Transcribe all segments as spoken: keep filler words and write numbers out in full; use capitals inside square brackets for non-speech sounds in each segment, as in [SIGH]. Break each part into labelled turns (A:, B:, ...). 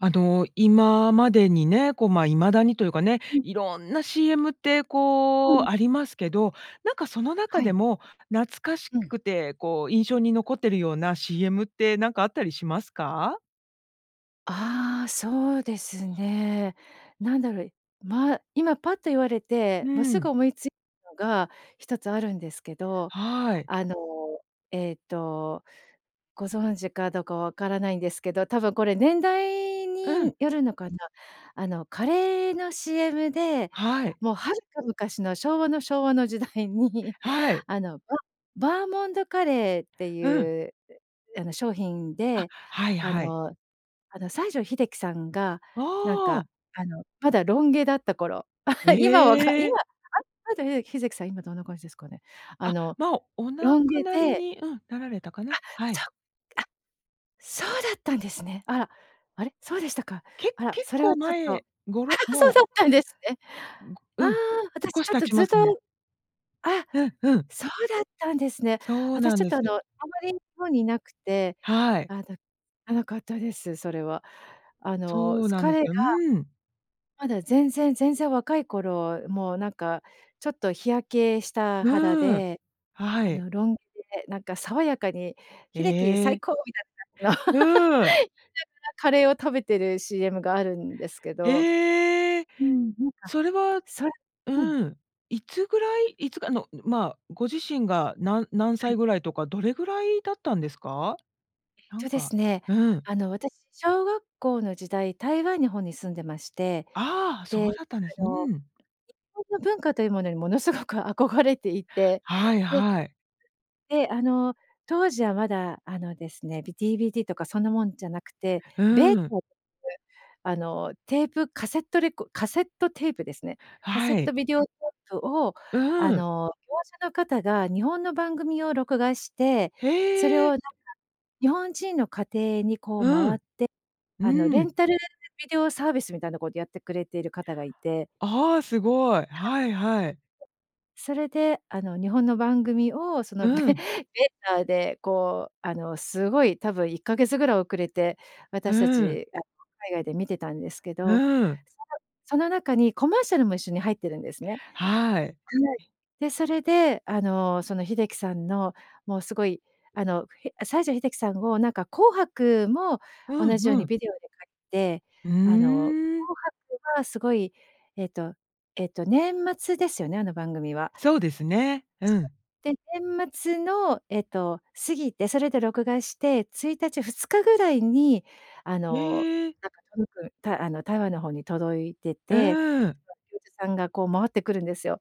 A: あの、今までにね、こう、ま、未だにというかね、
B: うん。
A: 色んな CM って
B: う
A: こ
B: ん。
A: う、ありますけど、なんかその中
B: は
A: で
B: い。
A: も、懐かし
B: うん。
A: くてこう印象に残ってるような CM ってなんかあったりしますか？
B: ああ、そうですね。なんだろう、ま、今パッと言われ
A: う
B: て、もうすぐ
A: ん。
B: 思いついたのがひとつあるんですけど。
A: はい。
B: あのええとご存知かどうかわからないんですけど、多分これ年代
A: うん。
B: によるのかな。あのカレーの CM で、
A: はい。
B: もうはるか昔の昭和の昭和の時代に
A: はい。
B: あの、ババーモンドカレーって
A: うん。
B: いうあの商品
A: あ、
B: で
A: はい
B: あ
A: はい。
B: のあの西城秀樹さんがなん
A: あ
B: か、
A: あ。
B: あのまだロン毛だった頃。[LAUGHS] 今は分か
A: え
B: 今、
A: え。
B: あ、西城ひで秀樹さん今どんな感じですかね？あ
A: あ、
B: の
A: まあ、お亡
B: ロン
A: く
B: 毛
A: なり
B: で
A: にうん。なられたか
B: あ、
A: な？は
B: そ
A: い。
B: う、あ。そうだったんですね。あら、あれ、そうでしたか。
A: け
B: あら、
A: 結
B: それ
A: 構
B: はちょっと、
A: 前、ごろ
B: [LAUGHS] そう
A: もう
B: だったんですね。
A: ん
B: ああ、
A: うん、
B: 私
A: 少
B: ち
A: し
B: ょっ
A: 経
B: と
A: ち
B: ずっ
A: ますね。
B: と。あ、
A: うんうん。
B: そうだったんですね。
A: そう
B: 私
A: なん
B: ちょっ
A: で
B: とあ
A: す。
B: のあんまり日本にいなくて、
A: はい。
B: あの、らなかったです、それは。あの、
A: そう
B: す
A: なんです
B: 彼が、
A: よ。うん。
B: まだ全然全然若い頃、もうなんかちょっと日焼けした
A: う
B: 肌
A: ーん。
B: で、
A: は
B: あ
A: い。
B: のロン毛でなんか爽やかに「秀樹、
A: え
B: 最
A: え。
B: 高」みたいな感じの
A: うん。
B: [LAUGHS] 言いながらカレーを食べてる CM があるんですけど
A: ええ。
B: うん、なんか、
A: それは
B: それうん。
A: うん。いつぐらい、いつかあの、まあ、ご自身が、な何
B: は
A: 歳
B: い。
A: ぐらいとか、どれぐらいだったんですか？なん
B: そうで
A: か、
B: すね、
A: うん。
B: あの私小学校の時代、台湾に方に住んでまして、
A: ああ、そ
B: で、
A: うだったんです。
B: あ
A: う
B: の、日
A: ん。
B: 本の文化というものにものすごく憧れていて。
A: はい
B: で
A: はい。
B: で、あの、当時はまだあのですね、ビ DVD とかそんなもんじゃなくて、
A: う
B: ベー
A: ん。
B: [UNINTELLIGIBLE] あの、テープ、カセットレコカセットテープですね。カセッ
A: は
B: ト
A: い。
B: ビデオテープをあ
A: うん。
B: の業者の方が日本の番組を録画して、それ
A: へ
B: を
A: え。
B: なんか、日本人の家庭にこう
A: う
B: 回
A: ん。
B: って、あの
A: う
B: レン
A: ん。
B: タルビデオサービスみたいなことやってくれている方がいて。
A: あ、すごい。
B: はい。うん。
A: はいはい。
B: それであの日本の番組をそのベ
A: う
B: ベ
A: ん。
B: ーターでこう、あのすごい多分いっかげつぐらい遅れて、私た
A: うん。
B: ちあの海外で見てたんですけど。
A: うん。
B: そのその中にコマーシャルも一緒に入ってるんですね。
A: はい。
B: はい。で、それであの、その秀樹さんのもうすごいあの、ひ西城秀樹さんをなんか紅白も
A: う
B: 同
A: ん
B: じよう
A: う
B: にビ
A: ん。
B: デオで買って、
A: う
B: あの紅
A: ーん。
B: 白はすごいえっとえっと年末ですよね、あの番組は。
A: そうですね。う
B: 確か。
A: ん。
B: で、年末のえっと過ぎて、それで録画してついたち、ふつかぐらいにあの、
A: へえ。
B: なんか届く、たあの台湾の方に届いてて、
A: うん。
B: その、業者さんがこう回ってくるんですよ。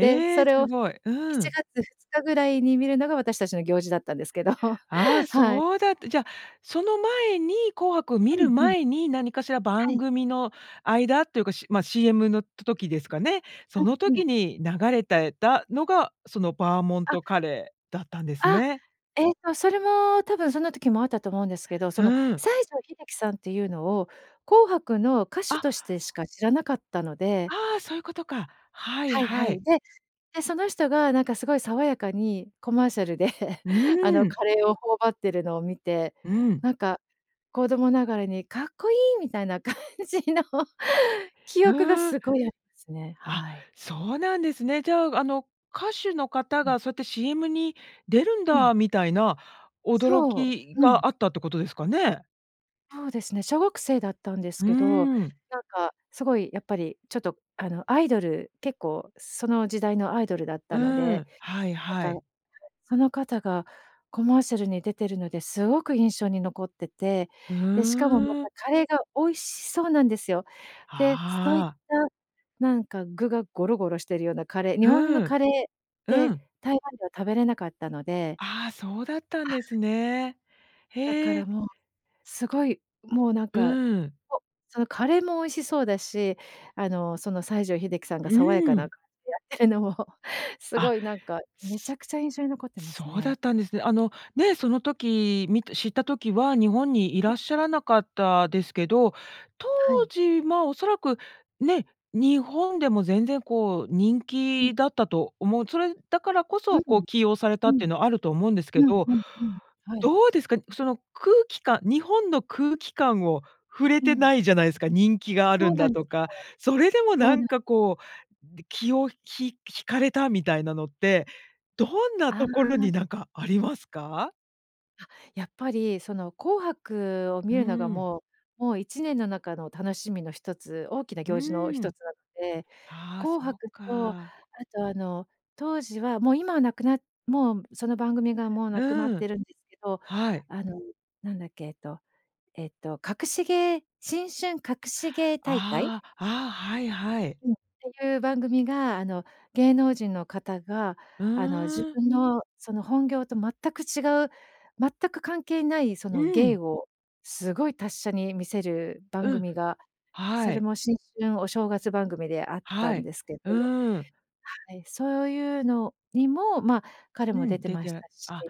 B: で、それ
A: す
B: を
A: ごい。
B: い
A: う
B: ち
A: ん。
B: がつふつかぐらいに見るのが私たちの行事だったんですけど、
A: あ、
B: はい。
A: そうだった。じゃ、その前に、紅白を見
B: う
A: る
B: んうん。
A: 前に、何かしら
B: は
A: 番
B: い。
A: 組の間っていうか、しまあ、CM の、た時ですかね。その
B: うんうん。
A: 時に流れた、えたのが、そのバーモン
B: あ。
A: トカレーだったんです
B: あ、
A: ね。
B: えっとそれも多分そんな時もあったと思うんですけど、その
A: うん。
B: 西城秀樹さんっていうのを紅白の歌手
A: あ。
B: としてしか知らなかったので。
A: ああ、そういうことか。はい
B: はいは
A: は
B: い。
A: い。
B: で、で、その人がなんかすごい爽やかにコマーシャルで [LAUGHS] あ
A: う
B: の
A: ん。
B: カレーを頬張ってるのを見て、
A: うん。
B: なんか子供ながらにかっこいいみたいな感じの記憶が
A: うん。
B: すごいありますね。
A: あ、
B: はい。
A: そうなんですね。じゃあ、あの、歌手の方
B: うん。
A: がそうやって CM に出るん
B: うん。
A: だみたいな驚
B: そう。
A: き
B: うん。
A: があったってことですかね。
B: そうですね、小学生だったんです
A: う
B: けど、
A: ーん。
B: なんか、すごいやっぱりちょっとあの、アイドル、結構その時代のアイドルだっ
A: う
B: たので。
A: ん、はいは
B: なんか、
A: い。
B: [UNINTELLIGIBLE] その方がコマーシャルに出てるのですごく印象に残ってて。
A: う
B: で、しかもま
A: ー
B: た、
A: ん。
B: カレーが美味しそうなんですよ。で、そういっ
A: ああ。
B: たなんか具がゴロゴロしてるようなカレー日本の
A: うん。
B: カレーっ
A: う
B: て
A: ん。
B: 台湾では食べれなかったので
A: ああ、そうだったん
B: は
A: です
B: い。
A: ね。
B: だか
A: へ
B: ら
A: え。
B: もう、すごい、もうなん
A: う
B: か、
A: ん。
B: おそのカレーも美味しそうだし、あの、その西城秀樹さんが
A: う
B: 爽やかなやっ
A: ん。
B: てるのも、す
A: あ
B: ごいなんかめちゃくちゃ印象に残ってま
A: そ
B: す
A: うだ
B: ね。
A: ったんですね。あの、ね、その時見て知った時は、日本にい
B: うん。
A: らっしゃらなかったですけど、当
B: はい。
A: 時、ま、おそらく、ね、日本でも全然こう人
B: うん。
A: 気だったと思う。それだからこ
B: う
A: そ、こ
B: ん。
A: う起用された
B: う
A: ってい
B: ん。
A: うのはあると思うんですけ
B: うん
A: ど。
B: うんうん。はい。
A: どうですか、その空気感日本の空気感を触れ
B: う
A: て
B: ん。
A: ないじゃないすか。人気があ
B: そ
A: る
B: う
A: ん
B: な
A: だ
B: んで
A: と
B: すよ。
A: か、それでも
B: そ
A: な
B: うなん
A: ん
B: です。
A: かこう、気をひ引かれたみたいなのって、どんな
B: あ
A: ところ
B: あ。
A: になんかありますか？
B: あ、やっぱり、その紅白を
A: う
B: 見
A: ー
B: るのが
A: ん。
B: もうもういちねんの中の楽しみの一つ、大きな
A: う
B: 行事の
A: ー
B: 一
A: ん。
B: つなので、
A: ああ、
B: 紅
A: そう
B: 白とあ
A: か。
B: と、あの、当時はもう今はなくなっもうその番組がもう
A: う
B: なくなっ
A: ー
B: て
A: ん。
B: るんですけど、
A: はい。
B: あのなんだっけ、えっとえっと、隠し芸新春隠し芸大会？
A: ああ。あ、はいはい。
B: うん。っていう番組があの、芸能人の方が、
A: う
B: あの、自
A: ーん。
B: 分のその本業と全く違う、全く関係ないそ
A: う
B: の芸
A: ん。
B: をすごい達者に見せる番
A: うん。
B: 組が、
A: は
B: そ
A: ー
B: れ
A: い。
B: も新春お正月番組であった
A: は
B: ん
A: い。
B: ですけど
A: うーん。
B: はい、そういうのにも、ま、彼
A: う
B: も出
A: ん、
B: て
A: 出
B: ました
A: て
B: し。
A: あ、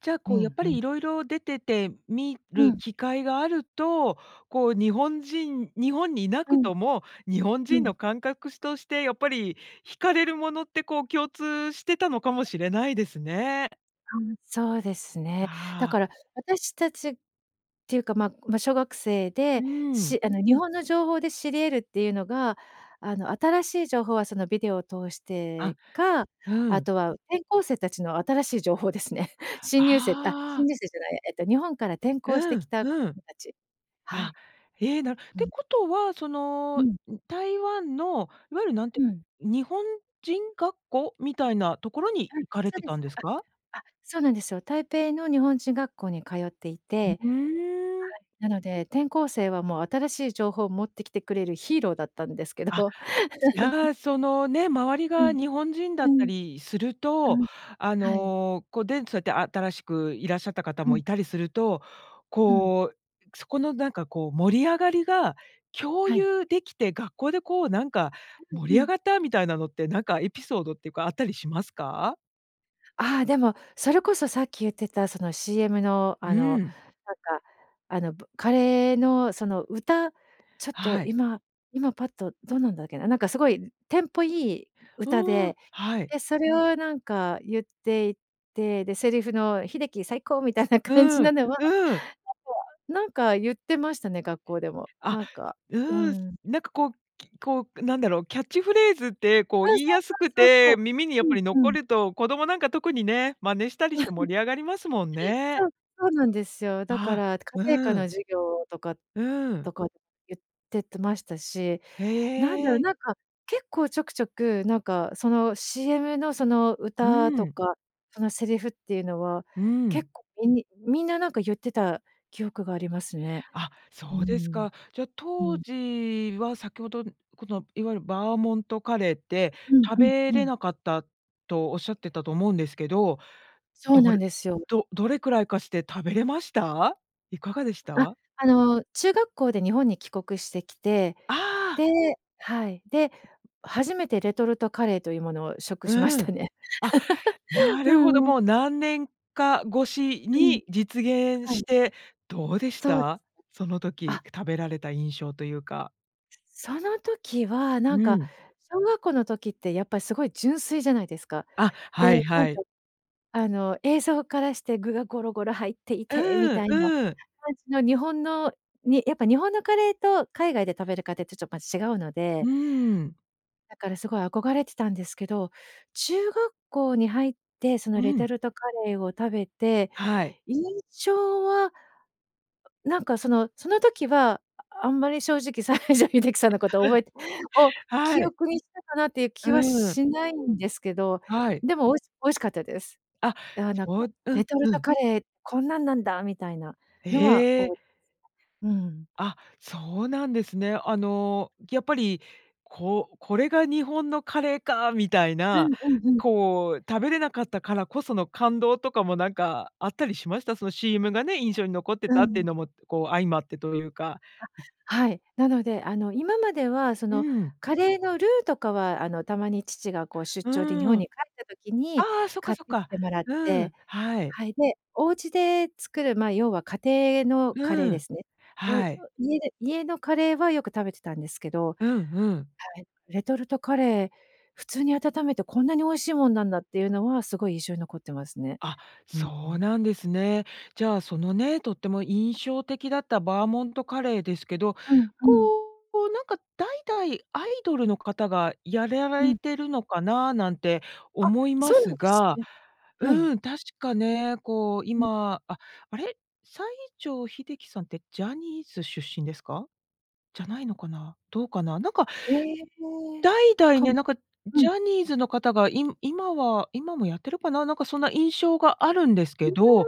A: じゃ、
B: う
A: こうやっ
B: ん
A: ぱ
B: う
A: り
B: ん。
A: 色々出てて、見
B: う
A: る
B: ん。
A: 機会があると、こう日本人日本に居な
B: う
A: く
B: ん。
A: とも、日本
B: う
A: 人の
B: ん。
A: 感覚すとしてやっぱり惹かれるものって、こう共通してたのかもしれないですね。
B: うん。そうですね。だ
A: ああ。
B: から私たちっていうか、まま、小学生
A: う
B: で、
A: ーん。
B: しあの日本の情報で知り得るっていうのが、あの、新しい情報はそのビデオを通し
A: あ、
B: てか、
A: う
B: あ
A: ん。
B: とは転校生たちの新しい情報ですね。新入生あ、
A: あ
B: 新
A: あ。
B: 入生じゃないや、えっと日本から転校して
A: う
B: き
A: ん、
B: た子
A: う
B: 供
A: ん。
B: たちは
A: あ、
B: い。
A: ええ、なるっ
B: う
A: て
B: ん。
A: ことは、その
B: う
A: ん
B: ん。
A: 台湾のいわゆるなん
B: う
A: て
B: ん。
A: 日本人学校みたいなところに
B: うん、
A: 行かれ
B: そう
A: て
B: で
A: たん
B: す。
A: ですか？
B: ああ、そうなんですよ。台北の日本人学校に通ってい
A: う
B: て。は
A: うーん。
B: い。なので、転校生はもう新しい情報を持ってきてくれるヒーローだったんですけ
A: あ、
B: ど。
A: い
B: [GIGGLES]
A: や、そのね、周り
B: う
A: が
B: ん、
A: 日本人だ
B: う
A: った
B: ん、
A: りする
B: う
A: と、
B: ん、
A: あ
B: はい。
A: の、こ、でんとそ、新しくいらっしゃった方
B: う
A: も
B: ん。
A: いたりすると、
B: うん。
A: こう、そこのなんかこう盛り上がりが共
B: はい。
A: 有できて学校でこうなんか、
B: たぶ
A: 盛
B: う
A: り上
B: ん。
A: がったみたいなのってなんかエピソードっていうかあったりしますか？
B: ああ、でも、それこそさっき言ってた、その CM のあ
A: う
B: の、
A: ん。
B: なんかあの、ばカレーのその歌、ちょっと
A: はい。
B: 今今パッと、どんなんだっけな、なんかすごいテンポいい歌
A: うーん、
B: で、
A: はい。
B: で、それをなんか言っていて、で、セリフの「秀樹、最高！」みたいな感じ
A: うん、
B: なのは、
A: うん。
B: [UNINTELLIGIBLE] なんか、言ってましたね、学校でも、
A: あ、
B: なんか
A: う
B: う
A: ーん、
B: ん。
A: なんかこう、きこう、なんだろう、キャッチフレーズってこう、
B: う
A: 言
B: ん。そ
A: いやすく
B: うそうそ
A: て
B: うそ
A: 耳にや
B: う。
A: っ
B: う
A: ぱ
B: ん、
A: り
B: う
A: 残
B: ん。
A: ると、子供なんか特にね、真似したりして
B: [CHUCKLES]
A: 盛り上がりますもん
B: そ
A: ね。
B: う、そうなんですよ。だか
A: あ
B: ら家
A: あ、
B: 庭科
A: う
B: の
A: ん。
B: 授業とか
A: うん。
B: とか言っててましたし、なんだろ
A: へ
B: う、
A: え。
B: なんか結構ちょくちょく、なんか、その CM のその
A: う
B: 歌と
A: ん。
B: か、そのセリフっていうのは、
A: う
B: 結
A: ん。
B: 構みにみんななんか言ってた記憶がありますね。
A: あ、
B: うー
A: そうです
B: ん。
A: か。じゃ、
B: う
A: 当
B: ん。
A: 時は先ほど、この、いわゆるバーモントカレーって、
B: うん、
A: 食
B: うん、
A: べ
B: う
A: れ
B: ん。
A: なかったとおっしゃってたと思うんですけど、
B: そう
A: ど
B: な
A: れ
B: んですよ。
A: どどれくらいかして食べれました？いかがでし
B: あ、
A: た？
B: あの、中学校で日本に帰国してきて、
A: ああ。
B: ではい。で、初めてレトルトカレーというものを食しまし
A: う
B: た
A: ん。
B: ね。
A: あ、
B: [LAUGHS]
A: な
B: う
A: るほど、
B: ん。
A: もう何年か越し
B: うん。
A: に実現
B: は
A: し
B: い。
A: て、どうでし
B: そう
A: た？その
B: あ。
A: 時食べられた印象というか。
B: その時は、なん
A: う
B: か
A: ん。
B: 小学校の時ってやっぱすごい純粋じゃないですか。
A: あ、
B: で、
A: はい
B: なん
A: は
B: か
A: い。
B: あの映像からして具がゴロゴロ入ってい
A: う
B: てみ
A: ーん
B: たいな
A: うーん。
B: 感じの日本の、にやっぱ日本のカレーと海外で食べるカデーと、ちょっま、違うの
A: う
B: で
A: ーん。
B: だからすごい憧れてたんですけど、中学校に入ってその
A: う
B: レト
A: ん。
B: ルトカレーを食べて、
A: はい。
B: 印象は、うなんかその、その時は、ああんまり正直西城秀樹さんのこと覚えてを
A: [LAUGHS] は
B: 記
A: い。
B: 憶にしたかなっていう
A: う
B: 気は
A: ーん。
B: しないんですけど、
A: はい。
B: でもおいし美味しかったです。
A: あ、
B: ああ、なん
A: そ
B: か、
A: う、うん
B: レトル
A: う
B: ト
A: ん。
B: カレー、こんなんなんだ、みたいなのは、
A: ええ。
B: おうん。
A: あ、そうなんですね。あのやっぱり、こう、これが日本のカレーか、みたい
B: う
A: な、
B: んうんうん。
A: こう食べれなかったからこその感動とかもなんかあったりしました？その CM がね、印象に残って
B: う
A: たって
B: ん。
A: のも、こう、相まってというか。
B: あ、はい、なので、あの今までは、そ
A: う
B: の
A: ん。
B: カレーのルーとかは、あのたまに父がこう出
A: う
B: 張で日本
A: ー
B: に
A: ん。
B: 帰った時
A: あ
B: に
A: あ、そっか
B: 買っ
A: そっ
B: てき
A: か。
B: てもらっ
A: う
B: て
A: ん、はい。
B: はい、で、お家で作る、まあ、要は家庭のカレー
A: う
B: で
A: ん、
B: すね。おいう
A: はい。
B: 家で家のカレーはよく食べてたんですけどは
A: うんうん。
B: い。レトルトカレー、普通に温めてこんなに美味しいもんなんだっていうのはすごい印象に残ってますね。
A: あ、
B: うんう
A: そう
B: ん。
A: なんですね。じゃあ、そのね、とっても印象的だったバーモントカレーですけど、
B: うんう
A: こ
B: ん。
A: う、なんか代々アイドルの方がやりゃ
B: う
A: れ
B: ん。
A: てるのかな、なんて
B: あ、
A: 思いま
B: そうなん
A: す
B: です
A: が
B: ね。はい。
A: うん。確かね、こう、
B: うん。
A: 今、ああれ、西城秀樹さんってジャニーズ出身ですか？じゃないのかな？どうかな？なんか、
B: ええ、
A: 代々
B: か
A: ね、
B: ん
A: なんか、
B: うん。
A: ジャニーズの方が、い今は今もやってるかな？なんかそんな印象があるんです
B: うー
A: け
B: ん、あ、
A: ど、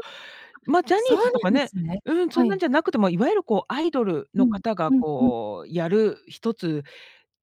A: ま、ジャニ
B: そう
A: ー
B: な
A: ズとか
B: んで
A: ね
B: すね。
A: うん、そ
B: は
A: んなん
B: い。
A: じゃなくても、いわゆるこう、アイドル
B: う
A: の
B: ん
A: 方が
B: うんうん。
A: こうやる、ひとつ、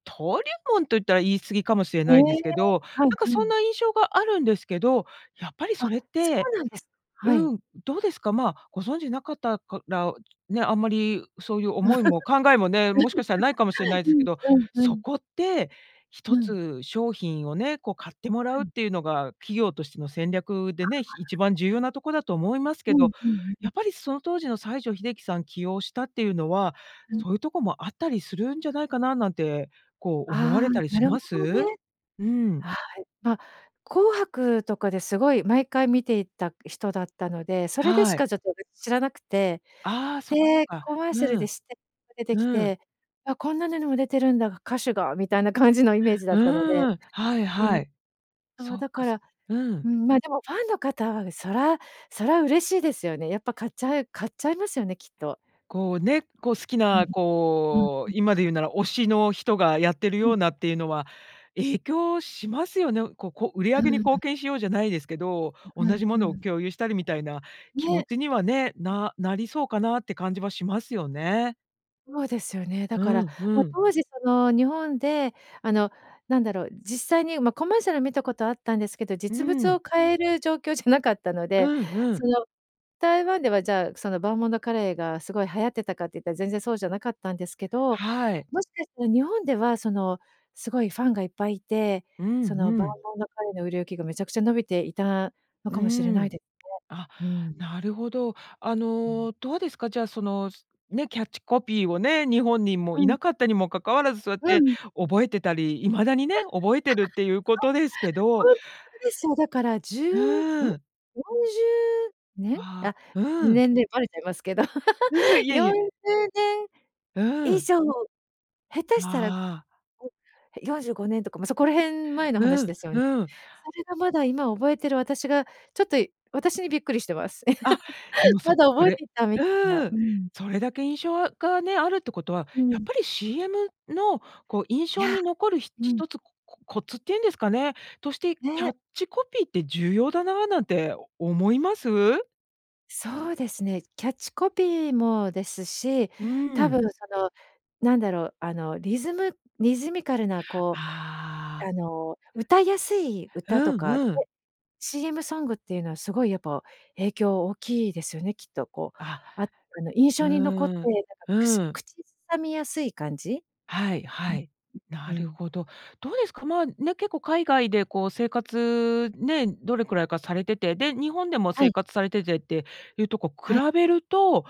A: 登竜門と言ったら言い過ぎかもしれ
B: ええ、
A: ないですけど、
B: はい
A: なんか
B: は
A: そん
B: い。
A: な印象があるんですけど、やっぱり
B: あ、
A: それっ
B: そ
A: て
B: うなんです。はい。
A: うん。どうですか、まあ、ご存知なかったから、ね、あんまりそういう
B: [LAUGHS]
A: 思い
B: う
A: も考えもね、もしかしたらないかもしんないですけ
B: ん
A: ど、
B: うんう
A: そ
B: ん。
A: こって、ひと
B: うん。
A: つ商品をね、こう買っても
B: あ
A: らうっ
B: あ。
A: ていうのが、企業としての戦略でね、ひ一
B: [UNINTELLIGIBLE]
A: 番重要なとこだと思いますけ
B: うん
A: ど、
B: うんう
A: や
B: ん。
A: っぱりその当時の西城秀樹さん起用したっていうのは、
B: うん。
A: そういうとこもあったりするんじゃないかな、なんて、こう思わ
B: ああ、
A: れたり
B: な
A: し
B: る
A: ま
B: ほど
A: す？
B: ね。
A: うん。
B: はい、ま、紅白とかですごい毎回見ていた人だったので、それでし
A: はい。
B: かちょっとやっぱり、知らなくて、
A: ああ、そっかそっ
B: で、
A: か。
B: コマーシャル
A: う
B: で、
A: ん
B: してが出てき
A: うん。
B: て「あ、こんなのにも出てるんだ、歌手が」みたいな感じのイメージだ
A: う
B: ったので、
A: ーん、はい
B: う
A: は
B: ん。
A: い。
B: あ
A: そ
B: あ、
A: っ
B: だ
A: か、
B: か
A: そ
B: ら、
A: う
B: う
A: ん。
B: ーん、まあ、でもファンの方は、そらそら嬉しいですよね。やっぱ買っちゃう買っちゃいますよね、きっと。
A: こうね、こう好き
B: うん。
A: な、
B: うん
A: こ
B: う
A: う、
B: ん。
A: 今で言うなら推しの人がやってる
B: はい
A: よ
B: は
A: う
B: い。
A: なっていうのは、影響しますよね。ここ売り
B: う
A: 上げに
B: ー
A: 貢
B: ん。
A: 献しようじゃないですけど、
B: う、
A: 同
B: うん
A: じも
B: う
A: のを
B: ん。
A: 共有したりみたいな気持
B: ね。
A: ちにはね、ななりそうかなって感じはしますよね。
B: そうですよね。だ
A: う
B: から、
A: んう
B: ま、
A: ん。
B: 当時その日本であのなんだろう、実際に、ま、コマーシャル見たことあったんですけど、
A: う
B: 実物を
A: ん。
B: 買える状況じゃなかったの
A: う
B: で、
A: んう
B: そ
A: ん。
B: の台湾ではじゃあその、バーモンドカレーがすごい流行ってたかって言ったら全然そうじゃなかったんですけど、
A: はい。
B: もしかしたら日本ではその、すごいファンがいっぱいいて、
A: うん
B: その
A: う
B: バー
A: ん。
B: モンドカレーの売れ行きがめちゃくちゃ伸びていたの
A: う
B: かもしれ
A: ー
B: ない
A: ん。
B: で
A: あ、
B: すね。うん。
A: なるほど。あ
B: うん。
A: のどうですか、じゃあそのね、キャッチコピーをね、日本にも
B: う
A: い
B: ん。
A: なかったにもかかわらず、そうやっ
B: う
A: て
B: ん。
A: 覚えてたり、未だにね、覚えてるっていうこ
B: [LAUGHS]
A: とですけ
B: そう、
A: ど
B: ホントですよ。だから、じ
A: う
B: ゅうん？
A: ー
B: よ
A: ん。
B: んじゅうねん？
A: わ、
B: あ、
A: うん。
B: 年齢ばれちゃいますけど。
A: うん、
B: [LAUGHS]
A: いえい
B: よん
A: え。
B: じゅうね
A: う
B: ん以
A: ん。
B: 上、下手
A: わ
B: したら
A: あ。
B: [UNINTELLIGIBLE] よんじゅうごねんとか、ま、そこら辺前の
A: う
B: 話で
A: ん、
B: すよ。そ
A: うん。
B: れがまだ今覚えてる私が、ちょっと私にびっくりしてます。
A: あ、で
B: [LAUGHS]
A: も
B: ま
A: そ
B: だ
A: そ
B: 覚えて
A: れ
B: いたみ
A: う
B: たいな、
A: ー
B: う
A: ん、
B: ん。
A: それだけ印象あがね、あるってことは、
B: う
A: やっ
B: ん。
A: ぱり CM のこう印
B: い
A: 象
B: や、
A: に残るひ
B: うん。
A: 一つ、ここコツっていうんですかね、としてキャ
B: ね。
A: ッチコピーって重要だななんて思います？
B: そうですね。キャッチコピーもですし、
A: う
B: 多
A: ん。
B: 分その、なんだろう、あの、リズムリズミカルなこ
A: あ
B: う、
A: あ。
B: あの、歌いやすい
A: う
B: 歌と
A: ん
B: か
A: うん。
B: [UNINTELLIGIBLE] シーエムソングっていうのは、すごいやっぱ影響大きいですよね。きっとこう、
A: あ、
B: あ、あの印象に残って、
A: う
B: な
A: ん、
B: んかく
A: う
B: す
A: ん。
B: 口さみやすい感じ？
A: はい
B: うん、
A: はい。
B: うう
A: なる
B: ん。
A: ほど。どうですか、まあ、ね、結構海外でこう生活、ね、どれくらいかされてて、で、日本でも
B: は
A: 生
B: い。
A: 活されててっていうと、こう、比
B: はい。
A: べると、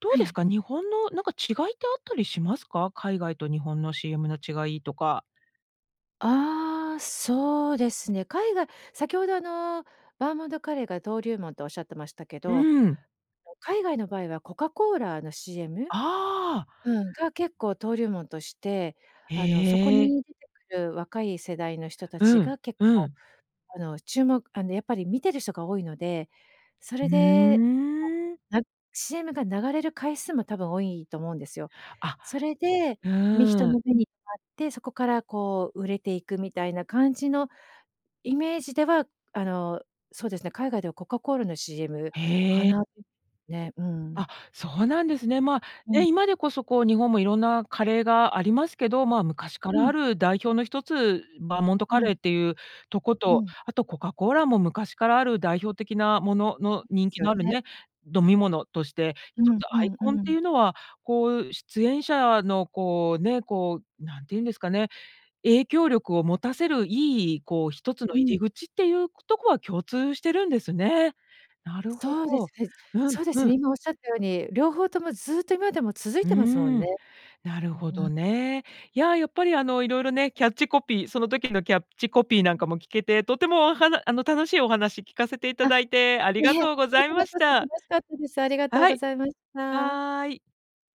A: どう
B: は
A: です
B: い。
A: か、日本のなんか違いってあったりしますか？海外と日本のシーエムの違いとか？
B: ああ、そうですね。海外先ほどあの、バーモンドカレーが登竜門と仰ってましたけど、
A: うん。
B: [UNINTELLIGIBLE] 海外の場合はコカコーラのシーエム？
A: ああ。
B: うん、が結構登竜門として、
A: へ
B: あの、そこ
A: え。う。
B: に出てくる若い世代の人たち
A: うん、
B: が結
A: う
B: 構、
A: ん。
B: あの、注目あの、やっぱり見てる人が多いので、そ
A: う
B: れで、
A: ーん。
B: なシーエムが流れる回数も多分多いと思うんですよ。
A: あ、
B: それで、め人
A: うん。
B: の目に留まって、そこからこう売れていくみたいな感じのイメージでは、あの、そうですね、海外ではコカコーラのシーエムか
A: へえ。
B: な。ね、うん。
A: あ、そうなんですね。まあ、
B: う
A: ね、
B: ん。
A: 今でこそこう、日本もいろんなカレーがありますけど、まあ、昔か
B: う
A: ら
B: ん。
A: ある代表の一つ、バーモント
B: う
A: カ
B: ん。
A: レーっていうとこ
B: う
A: と、
B: ん。
A: あとコカコーラも昔からある代表的なものの、
B: [UNINTELLIGIBLE]
A: 人
B: す
A: 気
B: よ
A: のある
B: ね。
A: ね、飲み物として、
B: う
A: 一
B: ん
A: つ
B: う
A: アイ
B: んう
A: コンってい
B: ん。
A: うのは、こう、出演者の、こう、ね、こう、何て言うんですかね、影響力を持たせる、良い、こう一つの
B: う
A: 入
B: ん。
A: り口っていう、ことこは共通してるんですね。なるほ
B: そうです
A: ど。
B: ね。
A: うん、
B: そうです
A: うん。
B: ね、今仰った様に、両方ともずっと今までも続い
A: う
B: てますもん
A: ん。
B: ね。
A: なる
B: う
A: ほ
B: ん、
A: ど
B: ま
A: ね。いや、やっぱりあの、色々ね、キャッチコピー、その時のキャッチコピーなん
B: うん。
A: かも聞けて、とてもおはなあの、楽しいお話聞かせていた
B: あ、
A: だいて、あり
B: い
A: が
B: え、
A: とうご
B: こ
A: ざい
B: ちら
A: まし
B: こそ
A: た。
B: 楽しかったです。ありがとう
A: は
B: ご
A: い。
B: ざいました。
A: はい。